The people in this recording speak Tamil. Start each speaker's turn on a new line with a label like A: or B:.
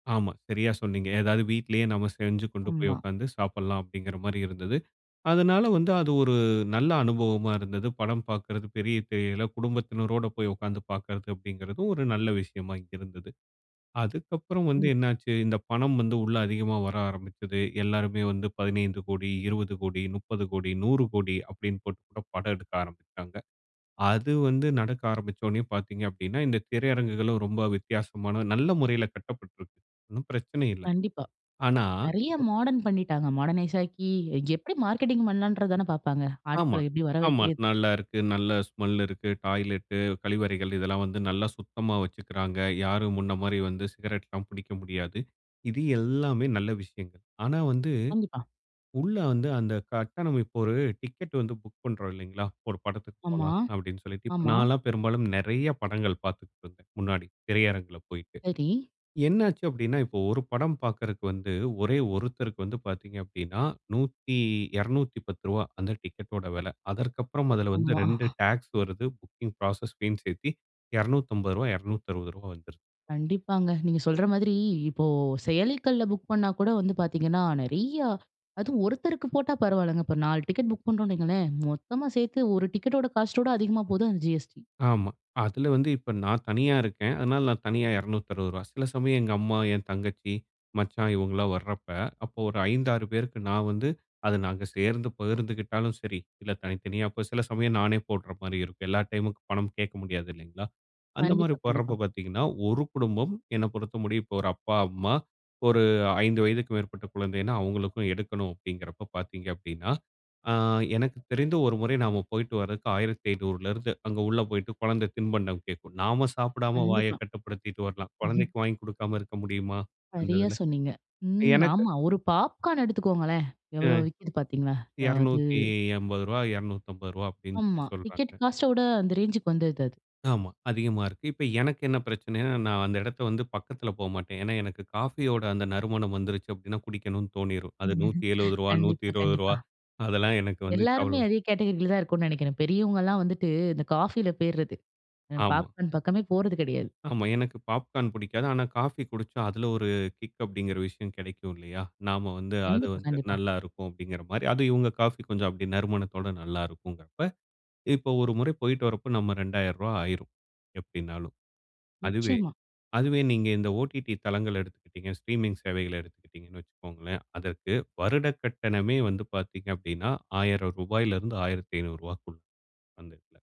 A: ஆமா. சரியா சொன்னீங்க. ஏதாது வீட்லேயே நம்ம செஞ்சு கொண்டு போய்
B: ஆமா.
A: உட்கார்ந்து சாப்பிடலாம், அப்படிங்கிற மாரி இருந்தது. அதனால வந்து அது ஒரு நல்ல அனுபவமா இருந்தது. படம் பாக்குறது பெரிய திரையில குடும்பத்தினரோடு போய் உட்கார்ந்து பாக்கிறது அப்படிங்கிறது ஒரு நல்ல விஷயமா இருந்து. அதுக்கப்புறம் வந்து
B: ம்.
A: என்ன ஆச்சு, இந்த பணம் வந்து உள்ள அதிகமா வர ஆரமிச்சது. எல்லாருமே வந்து 15 கோடி, 20 கோடி, 30 கோடி, 100 கோடி அப்பிடின்னு போட்டு கூட படம் எடுக்க ஆரம்பித்தாங்க. அது வந்து நடக்க ஆரம்பிச்சவொன்னே பாத்தீங்க அப்படின்னா, இந்த திரையரங்குகளும் ரொம்ப வித்தியாசமான நல்ல முறையில கட்டப்பட்டுருக்கு. ஒண்ணும் பிரச்சன இல்ல.
B: கண்டிப்பா.
A: ஆனா,
B: நெறைய
A: இப்ப.
B: மாடர்ன் பண்ணிட்டாங்க. மாடர்னைஸ் ஆக்கி எப்படி மார்க்கெட்டிங் பண்ணலாம்ன்றது தானே பாப்பாங்க.
A: ஆமா,
B: ஆட்கள்ல எப்படி வர
A: ஆமா.
B: வைக்கிறது?
A: நல்லா இருக்கு. நல்ல ஸ்மெல் இருக்கு. டாய்லெட்டு. கழிவறைகள் இதெல்லாம் வந்து நல்லா சுத்தமா வச்சுக்கிறாங்க. யாரும் முன்ன மாதிரி வந்து சிகரெட்லாம் பிடிக்க முடியாது. இது எல்லாமே நல்ல விஷயங்கள். ஆனா, வந்து
B: கண்டிப்பா.
A: உள்ள வந்து அந்த கட்டணம் இப்போ ஒரு டிக்கெட் வந்து புக் பண்ணுறோம் இல்லங்களா? ஒரு படத்துக்கு
B: ஆமா,
A: போலாம் அப்பிடின்னு சொல்லிட்டு. இப்போ
B: ஆமா.
A: நான் எல்லாம் பெரும்பாலும் நெறைய படங்கள் பாத்துக்கிட்டுருந்தேன். முன்னாடி திரையரங்கில போயிட்டு.
B: சரி.
A: என்னச்சி அப்படின்னா, இப்போ ஒரு படம் பாக்குறதுக்கு வந்து ஒரே ஒருத்தருக்கு வந்து பாத்தீங்க அப்படின்னா, நூத்தி ரூ. 210 அந்த டிக்கெடோட விலை. அதற்கு அப்புறம் அதில் வந்து
B: ஆமா.
A: 2 டக்ஸ் வருது. புக்கிங் புரோசஸ் பீன் சேர்த்து ரூ. 250, 260 வந்துருது.
B: கண்டிப்பாங்க. நீங்க சொல்ற மாதிரி, இப்போ செயலிக்கள்ல புக் பண்ணா கூட வந்து பாத்தீங்கன்னா, நெறையா அதுவும் ஒருத்தருக்கு போட்டா பரவாயில்லங்க. இப்போ 4 டிக்கெட் புக் பண்ணுறோம்னு வையுங்களேன் மொத்தமா சேர்த்து ஒரு டிக்கெட்டோட காஸ்ட்டோட அதிகமா போகுது அந்த GST.
A: ஆமா. அதில வந்து இப்போ நான் தனியா இருக்கேன். அதனால நான் தனியா ரூ. 260. சில சமயம் எங்க அம்மா, என் தங்கச்சி, மச்சான் இவங்கலாம் வரப்ப, அப்ப ஒரு 5, 6 பேருக்கு நான் வந்து அத நாங்க சேர்ந்து பகிர்ந்துகிட்டாலும் சரி, இல்ல தனித்தனியா. அப்போ சில சமயம் நானே போடுகிற மாதிரி இருக்கும். எல்லா டைமும் பணம் கேட்க முடியாது இல்லங்களா? அந்த மாதிரி
B: கண்டிப்பா, கண்டிப்பா.
A: போடுறப்ப பாத்தீங்கன்னா, ஒரு குடும்பம் என்னை பொறுத்த முடியும், இப்ப ஒரு அப்பா, அம்மா ஒரு 5 வயதுக்கு மேற்பட்ட குழந்தைன்னா, அவங்களுக்கும் எடுக்கணும். அப்படிங்கிறப்ப பாத்தீங்க, அப்படின்னா ஆங் எனக்கு தெரிந்து ஒரு முறை நாம் போயிட்டு வருவதற்கு 1,500 அங்கு உள்ள போய்ட்டு கொழந்த தின்பண்டம் கேட்கும். நாம சாப்பிடாம
B: கண்டிப்பா.
A: வாயக் கட்டுப்படுத்திட்டு வரலாம்.
B: ம்.
A: குழந்தைக்கு வாங்கிக் கொடுக்காம இருக்க முடியுமா? அந்த
B: சரியா,
A: இதுல.
B: சொன்னீங்க. ம்
A: எனக்கு
B: ஆமா, ஒரு பாப்கார்ன் எடுத்துக்கோங்களேன். எவ்வளோ
A: ம்.
B: விக்குது பாத்தீங்களா? அது,
A: ரூ. 280, 250 அப்படின்னு சொல்லி
B: ஆமா. டிக்கெட்
A: சொல்லுறாங்க.
B: காஸ்ட்ட விட அந்த ரேஞ்சுக்கு வந்தது அது.
A: ஆமா. அதிகமா இருக்கு. இப்ப எனக்கு என்ன பிரச்சனைன்னா? நான் அந்த இடத்த வந்து பக்கத்தில போ மாட்டேன். ஏன்னா, எனக்கு காஃபியோட அந்த நறுமணம் வந்துருச்சு அப்பிடின்னா குடிக்கணும்னு தோணிரும். அது நூற்றி ஏழுவது, நூற்றி
B: கண்டிப்பா,
A: இருவது
B: கண்டிப்பா.
A: ரூவா அதெல்லாம் எனக்கு வந்து
B: எல்லாருமே
A: கவல.
B: அதே கேட்டகரியில தான் இருக்கோம்னு நினைக்கிறேன். பெரியவங்கலாம் வந்துட்டு இந்த காஃபியில போயிறது. அ
A: ஆமா.
B: பாப்கார்ன் பக்கமே போறது கிடையாது.
A: ஆமா. எனக்கு பாப்கார்ன் பிடிக்காது. ஆனா, காஃபி குடிச்சா அதில ஒரு கிக் அப்படிங்கிற விஷயம் கிடைக்கும் இல்லயா? நாம் வந்து அது
B: கண்டிப்பா,
A: வந்து
B: கண்டிப்பா.
A: நல்லாருக்கும் அப்படிங்கிற மாரி. அதும் இவங்க காஃபி கொஞ்சம் அப்படி நறுமணத்தோடு நல்லாருக்குங்கிறப்ப, இப்போ ஒரு முறை போயிட்டு வரப்போ நம்ம ரூ. 2,000 ஆகிடும் எப்படினாலும். அதுவே,
B: நிச்சயமா.
A: அதுவே நீங்க இந்த OTT தளங்கள்ல எடுத்துக்கிட்டீங்க ஸ்ட்ரீமிங் சேவைகளை எடுத்துக்கிட்டிங்கன்னு வச்சுக்கோங்களேன். அதற்கு வருடக் கட்டணமே வந்து பாத்தீங்க அப்படின்னா ரூ. 1,000- 1,500 அந்த எடத்துல.